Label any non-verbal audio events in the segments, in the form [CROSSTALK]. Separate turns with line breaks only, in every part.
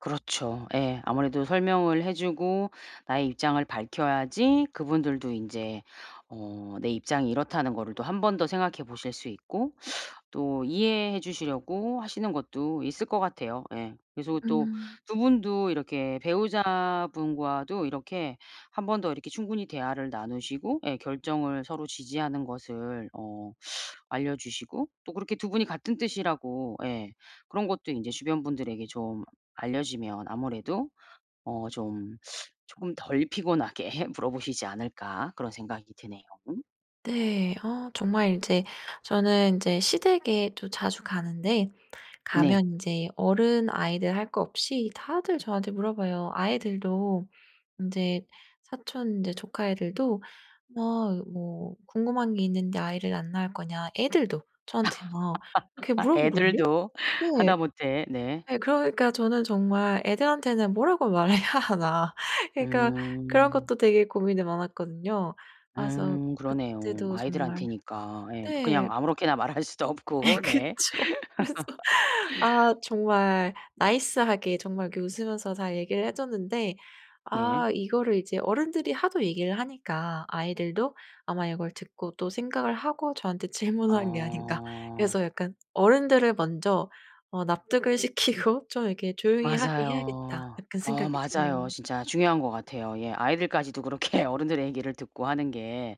그렇죠. 예. 아무래도 설명을 해 주고 나의 입장을 밝혀야지 그분들도 인제 어 내 입장이 이렇다는 거를 또 1 번 더 생각해 보실 수 있고 또 이해해 주시려고 하시는 것도 있을 것 같아요. 예. 그래서 그 또
음.
2 분도 이렇게 배우자분과도 이렇게 1 번 더 이렇게 충분히 대화를 나누시고 예 결정을 서로 지지하는 것을 어 알려주시고 또 그렇게 2 분이 같은 뜻이라고 예 그런 것도 인제 주변 분들에게 좀 알려지면 아무래도 어 좀 쪼금 덜 피곤하게 물어보시지 않을까 그런 생각이 드네요.
네. 아 정말 인제 저는 인제 시댁에 또 자주 가는데
네.
가면 인제 어른 아이들 할 것 없이 다들 저한테 물어봐요. 아이들도 인제 사촌 인제 조카 애들도 막 뭐 "궁금한 게 있는데 아이를 안 낳을 거냐." 애들도 저한테 막 이렇게
[LAUGHS]
물어보거든요.
애들도
네.
하다못해 네.
네 그러니까 저는 정말 '애들한테는 뭐라고 말해야 하나.' 그니까 그런
음.
것도 되게 고민이 많았거든요. 아 그래서
음 그러네요.
그때도 정말
아이들한테니까. 예.
네.
그냥 아무렇게나 말할 수도 없고.
[LAUGHS]
네.
그쵸. 그래서 아
[LAUGHS]
정말 나이스하게 정말 그 웃으면서 잘 얘기를 해 줬는데
네.
아 이거를 이제 어른들이 하도 얘기를 하니까 아이들도 아마 이걸 듣고 또 생각을 하고 저한테 질문한 게 아닌가.
아.
그래서 약간 '어른들을 먼저 어 납득을 시키고 좀 이렇게 조용히 하게 해야겠다.'
맞아요.
약간
어
생각이 드네요.
맞아요. 진짜 중요한 것 같아요. 예. 아이들까지도 그렇게 어른들의 얘기를 듣고 하는 게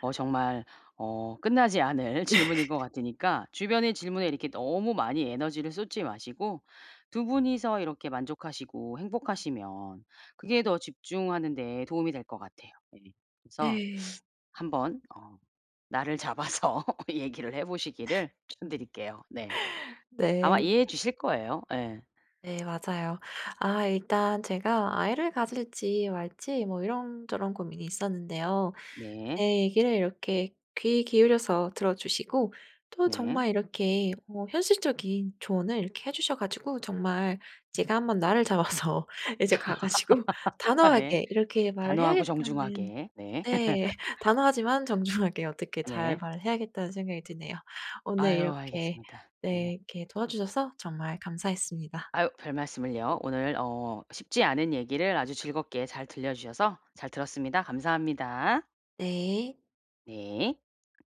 어 정말 어 끝나지 않을
네.
질문인 것 같으니까 주변의 질문에 이렇게 너무 많이 에너지를 쏟지 마시고 2 분이서 이렇게 만족하시고 행복하시면 그게 더 집중하는 데 도움이 될 것 같아요. 예. 그래서
네.
1 번 어 날을 잡아서 얘기를 해 보시기를
[LAUGHS]
추천드릴게요. 네. 아마
네.
이해해 주실 거예요. 예.
네 맞아요. 아 일단 제가 아이를 가질지 말지 뭐 이런저런 고민이 있었는데요. 제
네.
얘기를 이렇게 귀 기울여서 들어주시고 또
네.
정말 이렇게 어 현실적인 조언을 이렇게 해 주셔 가지고 정말 제가 1 번 날을 잡아서 이제 가 가지고
[LAUGHS] 네.
단호하게 이렇게 말을
단호하고
해야겠다는
정중하게. 네.
네. [LAUGHS]
[LAUGHS]
단호하지만 정중하게 어떻게 잘
네.
말을 해야겠다는 생각이 드네요. 오늘
아유
이렇게
알겠습니다.
네
네.
이렇게 도와주셔서 정말 감사했습니다.
아유 별말씀을요. 오늘 어 쉽지 않은 얘기를 아주 즐겁게 잘 들려주셔서 잘 들었습니다. 감사합니다.
네.
네.